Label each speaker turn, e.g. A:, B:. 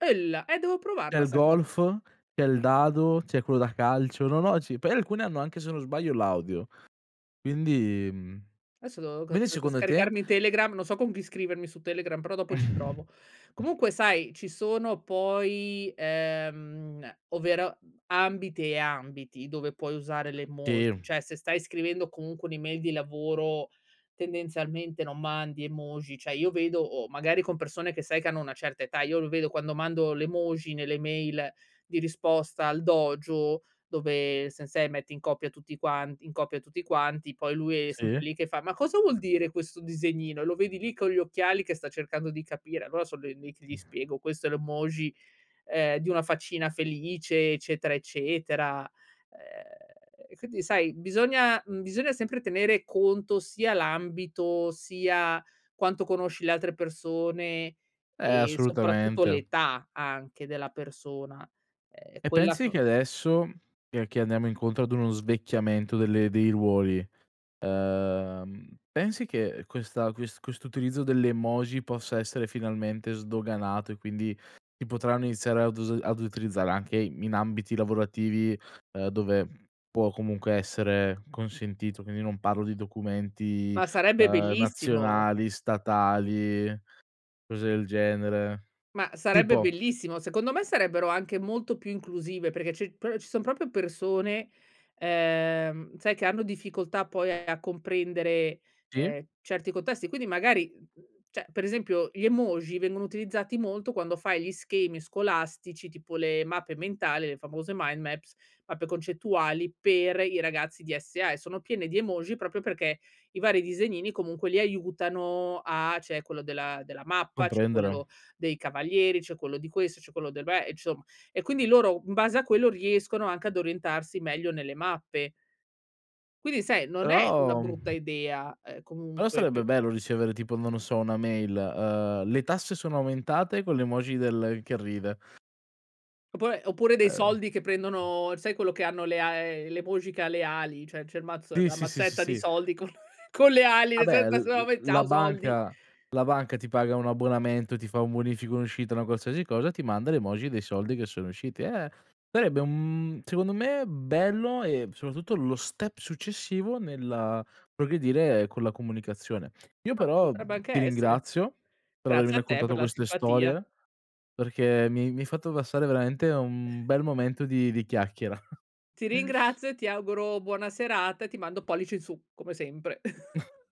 A: Ella e devo
B: C'è
A: provarla
B: il
A: sta co
B: golf, c'è il dado, c'è quello da calcio. No, no, sì, poi alcuni hanno anche se non sbaglio l'audio. Quindi mhmm,
A: Adesso devo c
B: quindi
A: c
B: secondo te?
A: scaricarmi Telegram, non so con chi scrivermi su Telegram, però dopo ci
B: Mh.
A: provo. Comunque sai, ci sono poi, ehm, ovvero ambiti e ambiti dove puoi usare le emoji,
B: Te
A: cioè se stai scrivendo comunque un'email di lavoro tendenzialmente non mandi emoji, cioè io vedo o magari con persone che sai che hanno una certa età io lo vedo quando mando l'emoji nelle mail di risposta al Dojo, dove Sensei, mette in copia tutti quanti in copia tutti quanti, poi lui è sempre
B: Sì.
A: lì che fa: "Ma cosa vuol dire questo disegnino?" Lo vedi lì con gli occhiali che sta cercando di capire? Allora sono l lì che
B: Mh.
A: gli spiego: "Questo è l'emoji, ehm, di una faccina felice eccetera eccetera". Ehm, quindi sai, bisogna mhmm, bisogna sempre tenere conto sia l'ambito, sia quanto conosci le altre persone,
B: Eh,
A: e soprattutto
B: assolutamente.
A: l'età anche della persona. Ehm,
B: E
A: quella
B: pensi
A: f
B: che adesso, che che andiamo incontro ad uno svecchiamento delle dei ruoli, ehm, pensi che, ehm, questa ques questo utilizzo dell'emoji possa essere finalmente sdoganato, e quindi si potranno iniziare ad us ad utilizzare anche in ambiti lavorativi, ehm, dove può comunque essere consentito. Quindi non parlo di documenti,
A: Ma sarebbe
B: ehm,
A: bellissimo.
B: nazionali, statali, cose del genere.
A: Ma sarebbe
B: Tipo
A: bellissimo. Secondo me sarebbero anche molto più inclusive, perché ci proprio ci son proprio persone, ehm, sai che hanno difficoltà poi a comprendere,
B: Sì.
A: ehm, certi contesti, quindi magari, mhmm, cioè per esempio gli emoji vengono utilizzati molto, quando fai gli schemi scolastici tipo le mappe mentali, le famose mind maps, mappe concettuali per i ragazzi DSA e sono piene di emoji proprio perché i vari disegnini comunque li aiutano a c'è quello della della mappa, c'è
B: Comprendere.
A: quello dei cavalieri, c'è quello di questo, c'è quello dei beh Insomma e quindi loro in base a quello, riescono anche ad orientarsi meglio nelle mappe. Quindi sai, non è una
B: Però,
A: brutta
B: mhmm
A: idea, ehm,
B: però
A: comunque
B: sarebbe
A: pe
B: bello ricevere tipo non lo so una mail, ehm, "le tasse sono aumentate," con l'emoji del che ride.
A: Oppure- oppure dei
B: Ehm.
A: soldi che prendono sai quello che hanno le a ehm, l'emoji che ha le ali cioè c'è il mazz
B: Sì,
A: la
B: sì, sì
A: mazzetta di
B: ,sì.
A: soldi con con le ali
B: Ah bè l l
A: [unintelligible]
B: la
A: ciao soldi.
B: banca la banca ti paga un abbonamento, ti fa un bonifico, un'uscita, una qualsiasi cosa, ti manda l'emoji dei soldi che sono usciti. Eh sarebbe un mhmm, secondo me bello e soprattutto lo step successivo nella progredire con la comunicazione. Io
A: Eh
B: però, mhmm,
A: potrebbe anche
B: ti
A: essere.
B: ringrazio per avermi
A: Grazie a te per
B: raccontato
A: la
B: queste
A: simpatia.
B: storie, perché mi mi hai fatto passare veramente un bel momento di di chiacchiera.
A: Ti ringrazio e ti auguro buona serata e ti mando pollice in su come sempre.